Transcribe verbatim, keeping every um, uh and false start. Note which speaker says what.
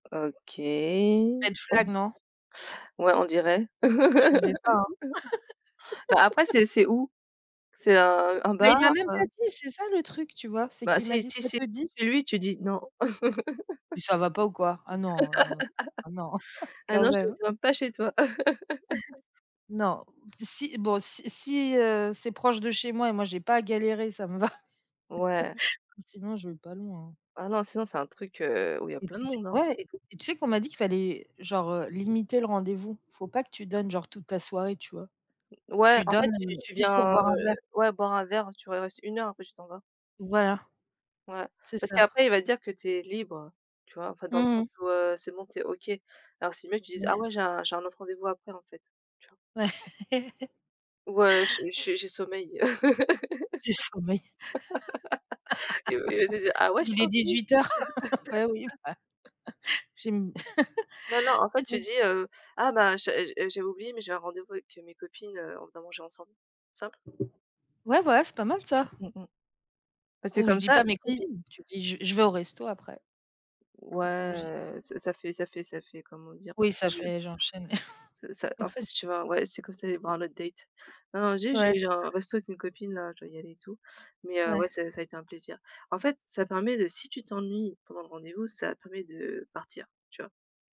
Speaker 1: OK.
Speaker 2: Red flag non?
Speaker 1: Ouais, on dirait.
Speaker 2: Je lisais pas, hein.
Speaker 1: Bah après, c'est c'est où? C'est un un
Speaker 2: Mais
Speaker 1: bar,
Speaker 2: il m'a même
Speaker 1: heu
Speaker 2: pas dit, c'est ça le truc, tu vois? C'est
Speaker 1: Bah,
Speaker 2: qu'il m'a
Speaker 1: si
Speaker 2: dit:
Speaker 1: si
Speaker 2: «Ça
Speaker 1: si,
Speaker 2: te dit?».
Speaker 1: chez lui, tu dis: «Non».
Speaker 2: Mais ça va pas ou quoi? Ah non, non, non. Ah non
Speaker 1: Heu,
Speaker 2: quand
Speaker 1: non, je ne
Speaker 2: même.
Speaker 1: viens pas chez toi.
Speaker 2: Non, si bon, si si, heu, c'est proche de chez moi et moi, j'ai pas galéré, ça me va.
Speaker 1: Ouais.
Speaker 2: Sinon, je vais pas loin, hein.
Speaker 1: Ah non, sinon c'est un truc, heu, où il y a
Speaker 2: Et
Speaker 1: plein de
Speaker 2: tu sais
Speaker 1: monde, hein.
Speaker 2: quoi? Ouais, et qu tu sais qu'on m'a dit qu'il fallait genre, heu, limiter le rendez-vous? Il faut pas que tu donnes genre toute ta soirée, tu vois?
Speaker 1: Ouais,
Speaker 2: Tu
Speaker 1: en fait,
Speaker 2: donnes
Speaker 1: tu tu
Speaker 2: juste pour
Speaker 1: viens,
Speaker 2: boire un
Speaker 1: heu,
Speaker 2: verre.
Speaker 1: ouais, boire un verre, tu re restes une heure, après tu t'en vas.
Speaker 2: Voilà,
Speaker 1: Ouais.
Speaker 2: c'est
Speaker 1: Parce
Speaker 2: ça.
Speaker 1: qu'après il va dire que tu es libre, tu vois? Enfin, dans le
Speaker 2: Mmh mh.
Speaker 1: sens où, heu, c'est bon, tu es OK. Alors c'est mieux que tu dises: «Ah
Speaker 2: Ouais.
Speaker 1: ouais, j'ai un j'ai un autre rendez-vous après, en fait» tu vois?
Speaker 2: Ouais.
Speaker 1: Ou, heu, je je j'ai sommeil.
Speaker 2: J'ai sommeil.
Speaker 1: Il il va te dire: «Ah ouais, je
Speaker 2: Il est
Speaker 1: t'ennuie?».
Speaker 2: dix-huit heures beh oui, bah j'ai m
Speaker 1: Bah, non, en fait, tu dis, heu: «Ah ben je j'ai oublié, mais j'ai un rendez-vous avec, heu, mes copines, heu, on va manger ensemble». Simple.
Speaker 2: Ouais, voilà, c'est pas mal ça.
Speaker 1: Mmh mh parce que
Speaker 2: Ou je
Speaker 1: comme
Speaker 2: dis
Speaker 1: ça,
Speaker 2: pas mes
Speaker 1: si
Speaker 2: copines. Tu dis: «Je je vais au resto après». Donc faut que j'y
Speaker 1: Ouais, heu, ça ça fait ça fait ça fait comment dire?
Speaker 2: Oui
Speaker 1: Ça fait,
Speaker 2: ça
Speaker 1: je
Speaker 2: fait, j'enchaîne.
Speaker 1: ce ça en fait, si tu vois? Ouais, c'est comme si tu allais voir un autre date. Non non, dit:
Speaker 2: Ouais,
Speaker 1: «J'ai
Speaker 2: c'est
Speaker 1: genre un
Speaker 2: ça.
Speaker 1: resto avec mes copines, là, je dois y aller et tout mais, heu, ouais,
Speaker 2: Ouais.
Speaker 1: ça ça a été un plaisir». En fait, ça permet de, si tu t'ennuies pendant le rendez-vous, ça permet de partir, tu vois?